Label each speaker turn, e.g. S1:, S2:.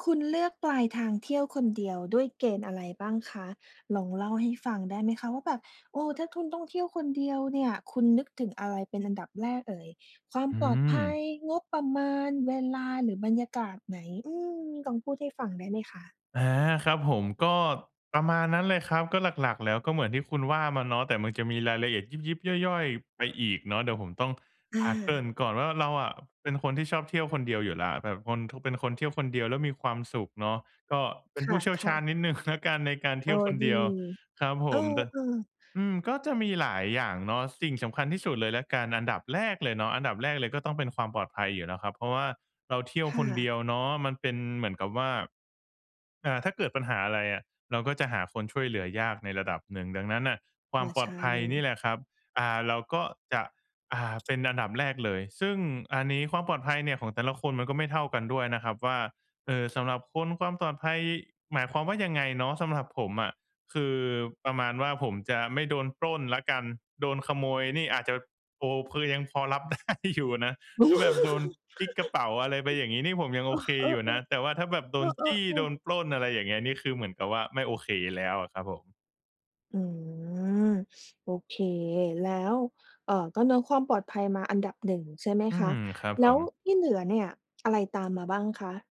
S1: คุณเลือกปลายทางเที่ยวคนเดียวด้วยเกณฑ์อะไรบ้างคะ? ลองเล่าให้ฟังได้ไหมคะ ว่าแบบ เออ ถ้าคุณต้องเที่ยวคนเดียวเนี่ยคุณนึกถึงอะไรเป็นอันดับแรกเอ่ย ความ
S2: อื
S1: ปลอดภั
S2: ม
S1: ย งบประมาณ เวลา หรือบรรยากาศไหน อืม ลองพูดให้ฟังได้ไหมคะ?
S2: อา ครับผม ก็ประมาณนั้นแหละครับ ก็หลัก ๆ แล้ว ก็เหมือนที่คุณว่ามาเนาะ แต่มันจะมีรายละเอียดยิบ ๆ ย่อย ๆ ไปอีกเนาะ เดี๋ยวผมต้อง
S1: อ
S2: อา เกริ่
S1: า
S2: นก่อนว่าเราอะเป็นคนที่ชอบเที่ยวคนเดียวอยู่แล้ว แต่คน เป็นคนเที่ยวคนเดียวแล้วมีความสุขเนาะ ก็เป็
S1: ค
S2: นผู้เชี่ยวช
S1: ่ะ
S2: าญ
S1: ๆ
S2: นิด หนึ่ง แล้วกันในการเท
S1: เอ
S2: ี่
S1: อ
S2: ยวคน
S1: ด
S2: เ
S1: ี
S2: ดียว ครับผ
S1: เออ
S2: ม แต่
S1: ๆ
S2: อืม ก็จะมีหลายอย่างเนาะ สิ่งสำคัญที่สุดเลยแล้วกันอันดับแรกเลยเนาะ อันดับแรกเลยก็ต้องเป็นความปลอดภัยอยู่แล้วครับ เพราะว่าเราเที่ยว
S1: ค่
S2: คนเ
S1: ะ
S2: ดียวเนาะ มันเป็นเหมือนกับว่า อ่า ถ้าเกิดปัญหาอะไรอะ เราก็จะหาคนช่วยเหลือยากในระดับหนึ่ง ดังนั้นน่ะคว
S1: อ
S2: าม
S1: า
S2: ปล
S1: ใช
S2: อดภัยนี่
S1: ่
S2: แหละครับ อ่า เราก็จะ อ่า เป็นอันดับแรกเลย ซึ่งอันนี้ความปลอดภัยเนี่ยของแต่ละคนมันก็ไม่เท่ากันด้วยนะครับ ว่า เอ่อ สำหรับคนความปลอดภัยหมายความว่ายังไงเนาะ สำหรับผมอะคือประมาณว่าผมจะไม่โดนปล้นแล้วกัน โดนขโมยนี่อาจจะ โอ้ คือยังพอรับ ได้ อยู่นะ ถ้าแบบโดนจิ๊กกระเป๋าอะไรไปอย่างงี้นี่ผมยังโอเค
S1: เอ
S2: อยู่
S1: อ
S2: นะ
S1: ๆ
S2: แต่ว่าถ้าแบบโ
S1: ๆ
S2: ด
S1: เ
S2: น
S1: อ
S2: จี้ โด
S1: อ ๆ
S2: น
S1: ๆ
S2: ปล้น อะไรอย่างเงี้ย นี่คือเหมือนกับว่าไม่โอเคแล้วอะครับผม
S1: อืม โอเค แล้ว เอ่อ ก็เนื้อความปลอดภัยมาอันดับหนึ่งใช่ไหม
S2: อื
S1: คะ?
S2: ม ครับ
S1: แล
S2: ผ
S1: ้ว
S2: ม
S1: ที่เหลือเนี่ย อะไรตามมาบ้างคะ?